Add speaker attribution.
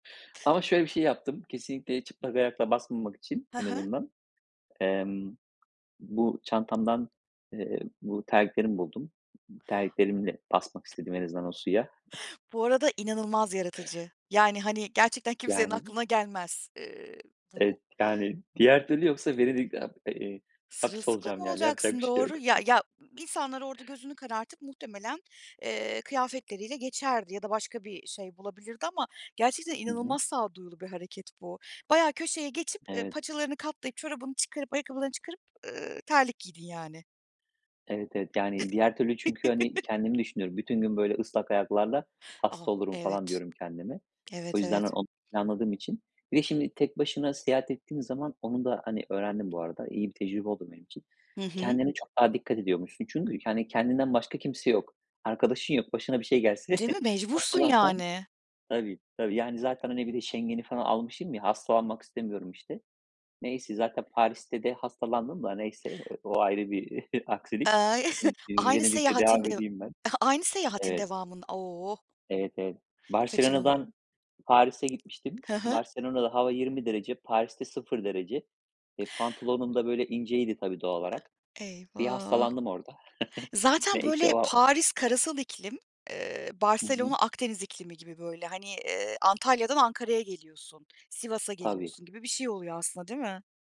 Speaker 1: Ama şöyle bir şey yaptım, kesinlikle çıplak ayakla basmamak için
Speaker 2: He
Speaker 1: en
Speaker 2: he.
Speaker 1: azından: Emm, bu çantamdan, eee, bu terliklerimi buldum. I ııı, terliklerimle basmak
Speaker 2: T
Speaker 1: istedim en azından o suya.
Speaker 2: Bu arada inanılmaz yaratıcı. Yani, hani, gerçekten kimsenin
Speaker 1: Yani
Speaker 2: aklına gelmez, ııı, bu
Speaker 1: Evet, yani, diğer türlü yoksa Venedik'te ab e eee, hapis
Speaker 2: Sırılsıklam
Speaker 1: olacağım, yani. Yapacak
Speaker 2: olacaksın,
Speaker 1: bir şey yok.
Speaker 2: doğru. Ya ya, insanlar orada gözünü karartıp muhtemelen, eee, kıyafetleriyle geçerdi ya da başka bir şey bulabilirdi ama gerçekten
Speaker 1: Hı hı.
Speaker 2: inanılmaz sağduyulu bir hareket bu. Bayağı köşeye geçip, eee,
Speaker 1: Evet.
Speaker 2: paçalarını katlayıp, çorabını çıkarıp, ayakkabılarını çıkarıp, ııı, terlik giydin, yani.
Speaker 1: Evet, evet. Yani, diğer türlü çünkü, hani, kendimi düşünüyorum. "Bütün gün böyle ıslak ayaklarla
Speaker 2: Oh,
Speaker 1: hasta olurum." falan
Speaker 2: evet.
Speaker 1: diyorum kendime. O
Speaker 2: Evet,
Speaker 1: yüzden
Speaker 2: evet.
Speaker 1: onu planladığım için Bir de şimdi tek başına seyahat ettiğin zaman onu da, hani, öğrendim bu arada. İyi bir tecrübe oldu benim için.
Speaker 2: Hı hı.
Speaker 1: Kendine çok daha dikkat ediyormuşsun. Çünkü, yani, kendinden başka kimse yok. Arkadaşın yok. Başına bir şey gelse,
Speaker 2: Değil mi? Mecbursun,
Speaker 1: hastalansan
Speaker 2: yani.
Speaker 1: Tabii, tabii. Yani, zaten, hani, bir de Schengen'i falan almışım ya hastalanmak istemiyorum, işte. Neyse, zaten Paris'te de hastalandım da neyse, eee, o ayrı bir aksilik.
Speaker 2: Eee,
Speaker 1: Iıı, ııı,
Speaker 2: aynı
Speaker 1: Venedik'le
Speaker 2: seyahatin
Speaker 1: devam
Speaker 2: de
Speaker 1: edeyim ben.
Speaker 2: aynı seyahatin
Speaker 1: Evet.
Speaker 2: devamın Oh.
Speaker 1: Evet, evet.
Speaker 2: Kaçanıl
Speaker 1: Barcelona'dan Paris'e gitmiştim.
Speaker 2: Hı hı.
Speaker 1: Barcelona'da hava 20 derece, Paris'te 0 derece. Eee, pantolonum da böyle inceydi, tabii, doğal olarak.
Speaker 2: [unintelligible]
Speaker 1: Bir
Speaker 2: Eyvah.
Speaker 1: hastalandım orada.
Speaker 2: Zaten,
Speaker 1: Neyse
Speaker 2: böyle,
Speaker 1: o a o
Speaker 2: Paris karasal iklim, eee,
Speaker 1: Hı hı.
Speaker 2: Barcelona Akdeniz iklimi gibi. Böyle, hani, eee, Antalya'dan Ankara'ya geliyorsun, Sivas'a
Speaker 1: Tabii.
Speaker 2: geliyorsun gibi bir şey oluyor aslında, değil mi?